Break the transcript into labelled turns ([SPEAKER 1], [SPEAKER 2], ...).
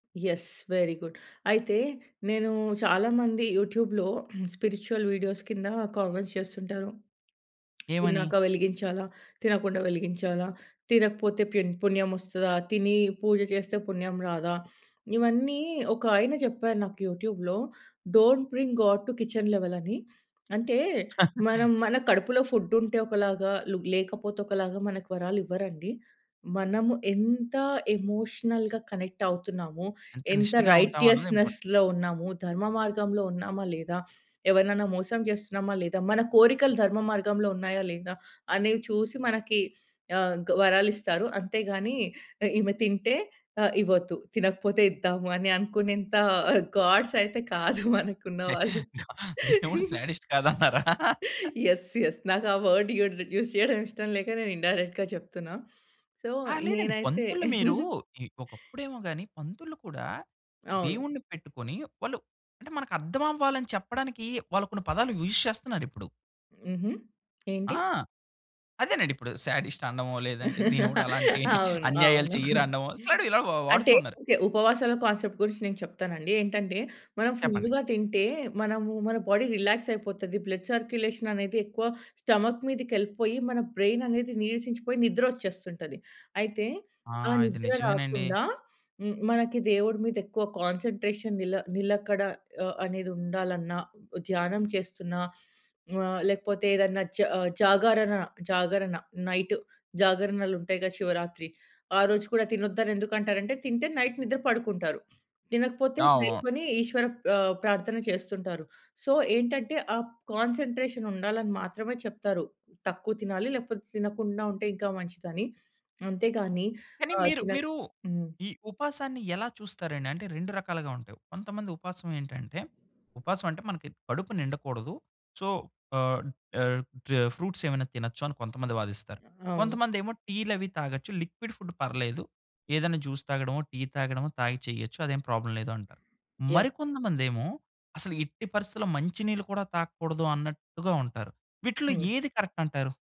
[SPEAKER 1] Yes! Very good. అయితే, నేను చాలా మంది యూట్యూబ్‌లో స్పిరిచ్యువల్‌ వీడియోస్ కింద కామెంట్స్ చేస్తుంటారు.
[SPEAKER 2] ఏమని?
[SPEAKER 1] తిన్నాక వెలిగించాలా, తినకుండా వెలిగించాలా, తినకపోతే పెన్ పుణ్యం వస్తదా, తిని పూజ చేస్తే పుణ్యం రాదా, ఇవన్నీ ఒక ఆయన జెప్పారు నాకు యూట్యూబ్‌లో, don't bring God to kitchen level అని. అంటే, మనం మన కడుపులో ఫుడ్డు ఉంటే ఒకలాగా, లేకపోతే ఒకలాగా, మనకి వరాలివ్వరండి. మనము ఎంత ఎమోషనల్‌గా కనెక్ట్ అవుతున్నామో,
[SPEAKER 2] ఎంత
[SPEAKER 1] ఎంత
[SPEAKER 2] నిష్టగా ఉంటామన్నదే ఇంపార్టెంట్.
[SPEAKER 1] రైటియస్‌నెస్‌లో ఉన్నాము, ధర్మమార్గంలో ఉన్నామా లేదా, ఎవరినైనా మోసం చేస్తున్నామా లేదా, మన కోరికలు ధర్మ మార్గంలో ఉన్నాయా లేదా, అనేవి చూసి మనకి ఆహ్, గ వరాలిస్తారు. అంతే గాని ఈమె తింటే ఆ! ఇవ్వొద్దు, తినకపోతే ఇద్దాము అని అనుకునేంత గాడ్స్ అయితే కాదు మనకున్నవాళ్ళు!
[SPEAKER 2] దేవుడు శాడిస్ట్ కాదన్నారా?
[SPEAKER 1] యెస్! యెస్! నాకు ఆ వర్డ్ యూడ్ రె యూస్ చేయడం ఇష్టం లేక నేను ఇన్‌డైరెక్ట్‌గా జెప్తున్నా. సో,
[SPEAKER 2] ఆ! లేదండి.
[SPEAKER 1] నేనైతే
[SPEAKER 2] పంతుల్లు మీరు, ఒకప్పుడేమో గాని, పంతుల్లు కూడా
[SPEAKER 1] అవును.
[SPEAKER 2] దేవుణ్ణి పెట్టుకొని, వాళ్ళు అంటే మనకు అర్థం అవ్వాలని చెప్పడానికి, వాళ్ళు కొన్ని పదాలు యూజ్ చేస్తున్నారిప్పుడు.
[SPEAKER 1] హుహు. ఏంటి?
[SPEAKER 2] ఆ! అదేనండిప్పుడు, శాడిస్ట్ అనడమో, లేదంటే దేవుడలాంటి
[SPEAKER 1] అవును.
[SPEAKER 2] అన్యాయాలు
[SPEAKER 1] అవును.
[SPEAKER 2] చెయ్యరనడమో సడ్ ఇలా వాడుతు
[SPEAKER 1] అంటే
[SPEAKER 2] ఉన్నారు.
[SPEAKER 1] ఓకే. ఉపవాసాల కాన్సెప్ట్ గురించి నేను చెప్తానండి. ఏంటంటే, మనం
[SPEAKER 2] చెప్పండి.
[SPEAKER 1] ఫుల్‌గా తింటే, మనము మన బాడీ రిలాక్స్ అయిపోతది. బ్లడ్ సర్క్యులేషన్ అనేది ఎక్కువ స్టమక్ మీదకెళ్ళిపోయి, మన బ్రెయిన్ అనేది నీరసించిపోయి నిద్రొచ్చేస్తుంటది. అయితే,
[SPEAKER 2] ఆ!
[SPEAKER 1] ఆ
[SPEAKER 2] ఇది
[SPEAKER 1] నిద్ర
[SPEAKER 2] నిజమేనండి.
[SPEAKER 1] రాకుండా, హ్మ్. మనకి దేవుడి మీదెక్కువ కాన్సన్‌ట్రేషన్ నిల నిలకడ ఆహ్, అనేదుండాలన్నా ధ్యానం చేస్తున్నా ఆహ్, లేకపోతేదన్నా జ జాగరణ, జాగరణ నైట్ జాగరణలుంటాయిగా! శివరాత్రి ఆరోజు కూడా తినొద్దని ఎందుకు అంటారంటే, తింటే నైట్ నిద్ర పడుకుంటారు. తినకపోతే
[SPEAKER 2] అవును.
[SPEAKER 1] మేలుకొని ఈశ్వర ప్ ఆహ్, ప్రార్థన చేస్తుంటారు. సో, ఏంటంటే, ఆ కాన్సన్‌ట్రేషన్ ఉండాలని మాత్రమే చెప్తారు. తక్కువ తినాలి. లేకపోతే తినకుండా ఉంటే ఇంకా మంచిదని. అంతేగాని
[SPEAKER 2] కానీ
[SPEAKER 1] ఆహ్,
[SPEAKER 2] మీరు
[SPEAKER 1] తినక
[SPEAKER 2] మీరు
[SPEAKER 1] హ్మ్.
[SPEAKER 2] ఈ ఉపాసాన్ని ఎలా చూస్తారండి? అంటే 2 రకాలుగా ఉంటాయి. కొంతమంది ఉపాసమేంటంటే, ఉపాసం అంటే, మనకి కడుపు నిండకూడదు, సో, ఆహ్, ఆహ్, టే ఫ్రూట్సేమైనా తినొచ్చు అని కొంతమంది వాదిస్తారు.
[SPEAKER 1] అవును.
[SPEAKER 2] కొంతమందేమో టీలవి తాగొచ్చు, లిక్విడ్ ఫుడ్ పర్లేదు, ఏదైనా జ్యూస్ తాగడమో, టీ తాగడమో, తాగి చేయొచ్చు. అదేం ప్రాబ్లమ్ లేదు అంటారు. మరి
[SPEAKER 1] యాహ్!
[SPEAKER 2] కొంతమందేమో అసలు ఎట్టి పరిస్థితిలో మంచి నీళ్ళు కూడా తాగకూడదు అన్నట్టుగా ఉంటారు. వీటిల్లో
[SPEAKER 1] హ్మ్.
[SPEAKER 2] ఏది కరెక్ట్ అంటారు?